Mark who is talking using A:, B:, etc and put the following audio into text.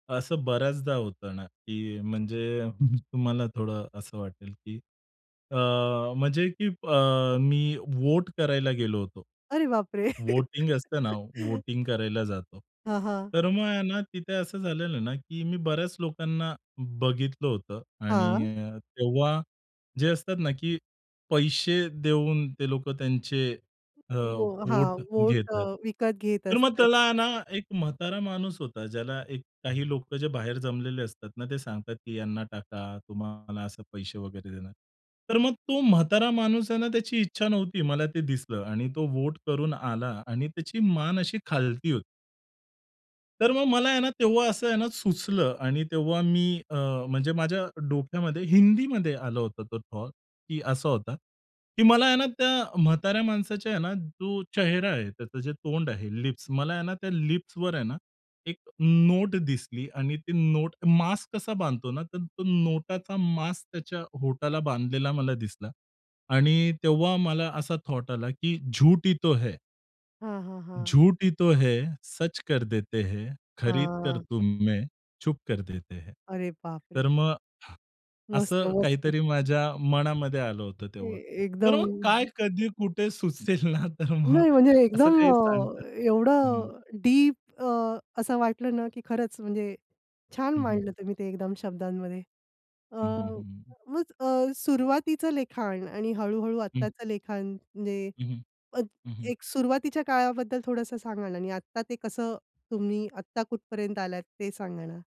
A: असं बऱ्याचदा होतं ना, की म्हणजे तुम्हाला थोडं असं वाटेल, की अ, म्हणजे की अ, मी वोट करायला गेलो होतो.
B: अरे बाप रे!
A: वोटिंग असतं ना वोटिंग करायला जातो.
B: हं, हां.
A: तर मग आहे ना तिथे असं झालेलं ना, की मी बऱ्याच लोकांना बघितलं होतं
B: हां.
A: आणि अ, तेव्हा जे असतात ना, की पैसे देऊन ते लोकं त्यांचे अ,
B: वो हां,
A: वोट
B: वोट अ,
A: घेतात.
B: विकत घेत
A: तर मग
B: असतात.
A: त्याला ना एक म्हातारा माणूस होता ज्याला एक काही लोक जे बाहेर जमलेले असतात ना ते सांगतात, की "यांना टाका. तुम्हाला असे पैसे वगैरे देणार." तर मग तो म्हातारा माणूस आहे ना त्याची इच्छा नव्हती. मला ते दिसलं आणि तो वोट करून आला आणि त्याची मान अशी खालती होती. तर मग मला आहे ना तेव्हा असं आहे ना सुचलं आणि तेव्हा मी अ, म्हणजे माझ्या डोक्यामध्ये हिंदीमध्ये आलं होतं तो थॉट की असा होता की मला आहे ना त्या म्हाताऱ्या माणसाच्या आहे ना जो चेहरा आहे त्याचं जे तोंड आहे, लिप्स. मला आहे ना त्या लिप्सवर आहे ना एक नोट दिसली आणि ती नोट मास्क कसा बांधतो ना तर तो नोटाचा मास्क त्याच्या ओठाला बांधलेला मला दिसला आणि तेव्हा मला असा थॉट आला की, "झूठ ही तो है."
B: हां, हां, हां.
A: "झूठ ही तो है सच कर देते है, खरीद कर
B: हां.
A: तुम में चुप कर देते है."
B: अरे बापरे!
A: तर मग
B: मस्त,
A: असं
B: मस्त.
A: काहीतरी माझ्या मनामध्ये आलं होतं
B: ए
A: तेव्हा. तर
B: एकदम.
A: मग काय, कधी, कुठे सुचेल ना तर मग
B: नाही म्हणजे
A: असं
B: एकदम
A: काही सांगतात
B: अ,
A: हं.
B: एवढं डीप अ, असं वाटलं ना, की खरंच म्हणजे छान
A: हं, हं.
B: मांडलं तुम्ही ते एकदम शब्दांमध्ये. अ,
A: हं, हं, हं, हं.
B: मग अ, सुरुवातीचं लिखाण आणि हळू-हळू
A: हं.
B: आत्ताचं लिखाण म्हणजे
A: हं, हं.
B: अ,
A: हं, हं.
B: एक सुरुवातीच्या काळाबद्दल थोडंसं सांगा ना आणि आत्ता ते कसं? तुम्ही आत्ता कुठपर्यंत आलात? ते सांगा ना.